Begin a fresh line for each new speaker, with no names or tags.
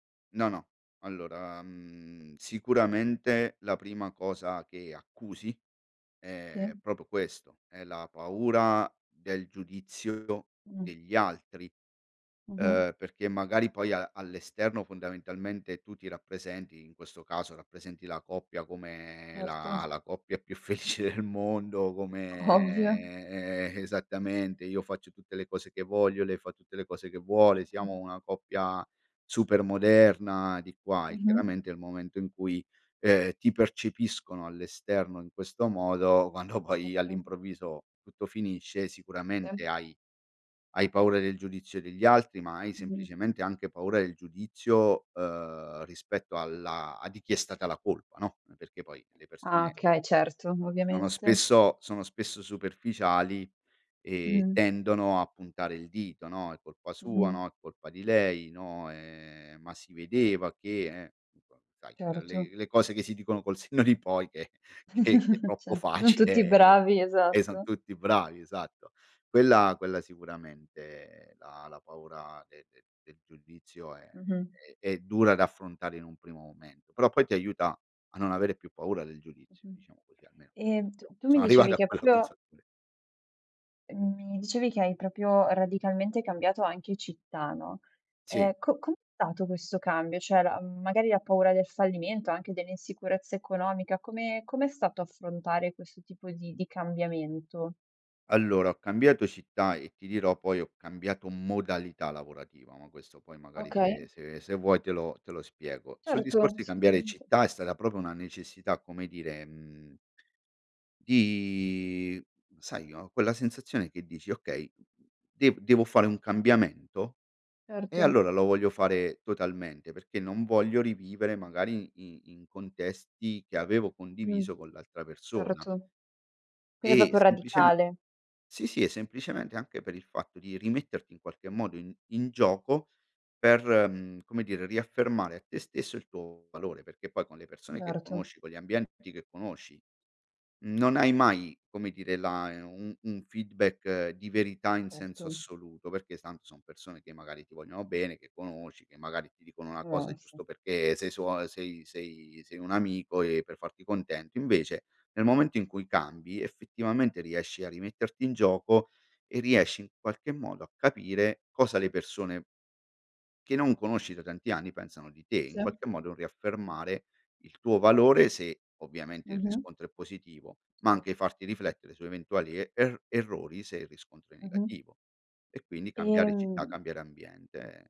No, no, allora, mhmm, sicuramente la prima cosa che accusi è
Sì.
proprio questo, è la paura del giudizio
Mh.
degli altri,
Mh-mh.
ehm, perché magari poi a all'esterno, fondamentalmente, tu ti rappresenti, in questo caso rappresenti la coppia come la
Certo.
la coppia più felice del mondo,
Ovvio.
come, eh, esattamente, io faccio tutte le cose che voglio, lei fa tutte le cose che vuole,
Certo.
siamo una coppia super moderna di qua e,
Mh-mh.
chiaramente, il momento in cui, ehm, ti percepiscono all'esterno in questo modo, quando poi
Certo.
all'improvviso tutto finisce,
Se.
sicuramente hai hai paura del giudizio degli altri, ma hai
Mh-mh.
semplicemente anche paura del giudizio, ehm, rispetto alla a di chi è stata la colpa, no? N perché poi, le
Ah,
persone
okay, certo,
no, no
ovviamente.
spesso sono spesso superficiali e
Mh-mh.
tendono a puntare il dito, no: "È colpa sua.
Mh-mh.
No, è colpa di lei" no, ehm, ma si vedeva che, eh, [unintelligible] sai, a
Certo.
le le cose che si dicono col senno di poi che che è
Ce
troppo
son
facile
tutti
e
bravi,
e son
esatto.
tutti bravi, esatto. Quella quella sicuramente, la la paura de de del giudizio è
Mh-mh.
è è dura da affrontare in un primo momento, però poi ti aiuta a non avere più paura del giudizio,
Mh-mh,
diciamo così, almeno
ehm, t
io
tu mi
sono arrivato
dicevi
a
che
quella
proprio
consapevole
Uhm, mi dicevi che hai proprio radicalmente cambiato anche città, no
Sì.
ehm, co com'è stato questo cambio? Cioè la uhm, magari la paura del fallimento, anche dell'insicurezza economica, come come è stato affrontare questo tipo di di cambiamento?
Allora, ho cambiato città, e ti dirò, poi ho cambiato modalità lavorativa, ma questo poi magari
Okay.
se se se vuoi te lo te lo spiego. Sul
Certo,
discorso di cambiare
assolutamente.
città è stata proprio una necessità, come dire, mhmm di sai, no, quella sensazione che dici: "Okay, dev devo fare un cambiamento e
Certo.
allora lo voglio fare totalmente, perché non voglio rivivere, magari, in in contesti che avevo
Mh.
condiviso con l'altra persona".
Certo. Quindi è
E,
proprio
sempliceme
radicale.
sì, sì e semplicemente anche per il fatto di rimetterti in qualche modo in in gioco per, mhmm, come dire, riaffermare a te stesso il tuo valore, perché poi con le persone che
Certo.
conosci, con gli ambienti che conosci, non hai mai, come dire, la e un un feedback di verità in senso
Certo.
assoluto, perché tanto son persone che magari ti vogliono bene, che conosci, che magari ti dicono una cosa,
Eh,
e
sì.
giusto perché sei suo a sei sei sei un amico e per farti contento. Invece, nel momento in cui cambi, effettivamente riesci a rimetterti in gioco e riesci, in qualche modo, a capire cosa le persone che non conosci da tanti anni, pensano di te, in
Se.
qualche modo un riaffermare il tuo valore se, ovviamente, il
Mh-mh.
riscontro è positivo, ma
Se.
anche farti riflettere su eventuali e er errori, se il riscontro è
Mh-mh.
negativo e quindi cambiare città,
Ehm
cambiare ambiente